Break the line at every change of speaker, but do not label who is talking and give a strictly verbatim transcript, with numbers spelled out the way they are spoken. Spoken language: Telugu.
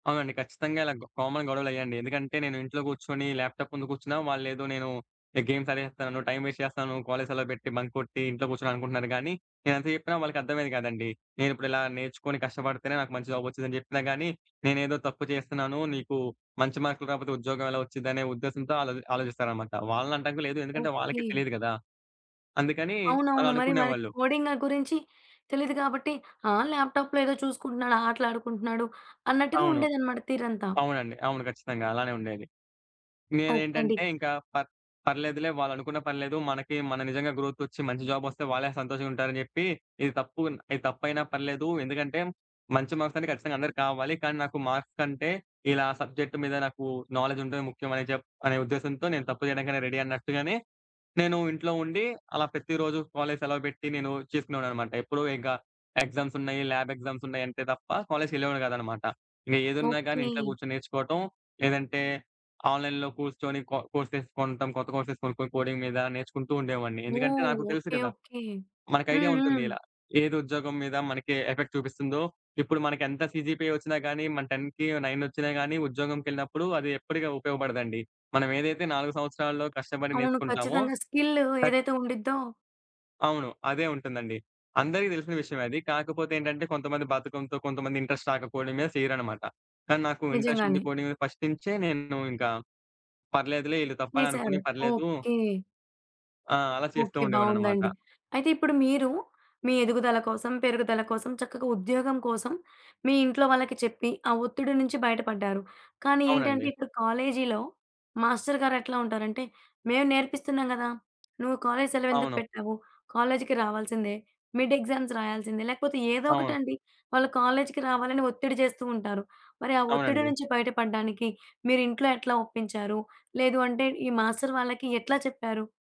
అవునండి. ఖచ్చితంగా ఇలా గొ కామన్ గొడవలయ్యాయండి. ఎందుకంటే, నేను ఇంట్లో గూర్చొనీ, ల్యాప్‌టాప్ ముందు గూర్చున్నా, వాళ్ళేదో నేను, ఎ గేమ్స్ ఆడేస్తాను, టైమ్ వేస్ట్ చేస్తాను, కాలేజీ సెలవు బెట్టి, బంక్ కొట్టీ, ఇంట్లో గూర్చున్నా అనుకుంటున్నారు గానీ, నేనేంత చెప్పినా వాళ్ళకర్థమయ్యేది గాదండీ! నేనిప్పుడిలా నేర్చుకొని, కష్టపడితేనే, నాకు మంచి జాబొచ్చుదని చెప్పినా గానీ, నేనేదో తప్పు చేస్తున్నానూ, నీకూ మంచి మార్కులు రాపోతే, ఉద్యోగం ఎలా ఒచ్చిదనే ఉద్దేశంతో, ఆళ్ళది ఆలోచిస్తారనమాట. వాళ్ళనంటానికి గూడా లేదు, ఎందుకంటే, వాళ్ళకే
ఓకే.
తెలీదు గదా! అందుకనీ, అలా
అవునవును. మరి మరి
అనుకునేవాళ్ళు.
కోడింగా గురించి, తెలీదు గాబట్టి ఆ! ల్యాప్‌టాప్‌లో ఏదో చూసుకుంటున్నాడు, ఆటలాడుకుంటున్నాడు, అన్నట్టుగా
అవును.
ఉండేదనమాట తీరంతా.
అవునండి. అవును ఖచ్చితంగా! అలానే ఉండేది.
ఓకే అండి.
నేనేంటంటే,
గ
ఇంకా పర్ పర్లేదులే, వాళ్ళనుకున్న పర్లేదు, మనకీ మనం నిజంగా గ్రోతొచ్చి, మంచి జాబొస్తే, వాళ్ళే సంతోషంగా ఉంటారని జెప్పీ, ఇది తప్పుగున్న ఇది తప్పయినా పర్లేదూ, ఎందుకంటే, మంచి మార్క్స్ అన్నీ ఖచ్చితంగా అందరికి కావాలి, కానీ నాకు మార్క్స్ కంటే, ఇలా సబ్జెక్ట్ మీద నాకూ నాలెడ్జుంటమే ముఖ్యమని జెప్ అనే ఉద్దేశంతో, నేను తప్పు జేయడానికైనా రెడీ అన్నట్టుగానే, నేనూ ఇంట్లో ఉండీ, అలా ప్రతిరోజు కాలేజీ సెలవు బెట్టి, నేను చేసుకునేవాడిననమాట. ఎప్పుడూ ఇంక ఎగ్జామ్సున్నయి, ల్యాబ్ ఎగ్జామ్సున్నాయంటే తప్ప, కాలేజీకెళ్ళేవాడిని గాదనమాట. ఏదున్నా గానీ ఇంట్లో
ఓకే.
గూర్చొని నేర్చుకోటం, లేదంటే, ఆన్‌లైన్‌లో కూర్చొని కో కోర్సెస్ కొంటం, కొత్త కోర్సెస్ కొనుక్కొని కోడింగ్ మీద, నేర్చుకుంటూ ఉండేవాడిని. ఎందుకంటే,
ఓహ్!
నాకు తెలుసు
ఓకే.
గదా!
ఓకే.
మనకైడియా
హ్మ్.
ఉంటుంది
హ్మ్.
ఇలా. ఏది, ఉద్యోగం మీద మనకీ ఎఫెక్ట్ చూపిస్తుందో, ఇప్పుడు మనకెంత సీజీపీ ఒచ్చినా గానీ, మన టెన్‌కి నైనొచ్చినా గానీ, ఉద్యోగం‌కెళ్ళినప్పుడు అది ఎప్పటిక ఉపయోగపడదండి. మనం ఏదైతే నాలుగు సంవత్సరాలలో కష్టపడి
అవును.
నేర్చుకుంటామో
ఖచ్చితంగా స్కిల్లు
టక్
ఏదైతే ఉండిద్దో
అవును. అదే ఉంటుందండి. అందరికి తెలిసిన విషయమే అది, కాకపోతే ఏంటంటే, కొంతమంది బద్దకంతో, కొంతమంది ఇంట్రస్ట్ రాకపోయడం మీద చేయరనమాట. కానీ నాకూ ఇంట్రస్టుండి
నిజంగానే.
పోనీ, ఫస్ట్ నుంచే నేను ఇంకా పర్లేదులే, ఈళ్ళు తప్పని
వేసారు.
అనుకోనీ పర్లేదూ
ఓకే.
ఆ! అలా చేస్తూ
ఓకే. బావుందండి.
ఉండేవాడిననమాట.
అయితే ఇప్పుడు మీరూ, మీ ఎదుగుదల కోసం, పెరుగుదల కోసం, చక్కగా ఉద్యోగం కోసం, మీ ఇంట్లో వాళ్ళకి చెప్పి, ఆ ఒత్తిడి నుంచి బయటపడ్డారు. కానీ ఏంటంటే,
అవునండి.
ఇప్పుడు కాలేజీలో, మాస్టరు గారెట్లా ఉంటారంటే, మేం నేర్పిస్తున్నాం గదా! నువ్వు కాలేజీ సెలవెందుకు
అవును.
పెట్టావు, కాలేజీకి రావాల్సిందే, మిడ్ ఎగ్జామ్స్ రాయాల్సిందే, లేకపోతే ఏదో
అవును.
ఒకటండి, వాళ్ళు కాలేజీకి రావాలని ఒత్తిడి జేస్తూ ఉంటారు, మరి ఆ ఒత్తిడి
అవునండి.
నుంచి బయటపడ్డానికి, మీరింట్లో ఎట్లా ఒప్పించారు? లేదు అంటే, ఈ మాస్టరు వాళ్ళకి ఎట్లా చెప్పారు?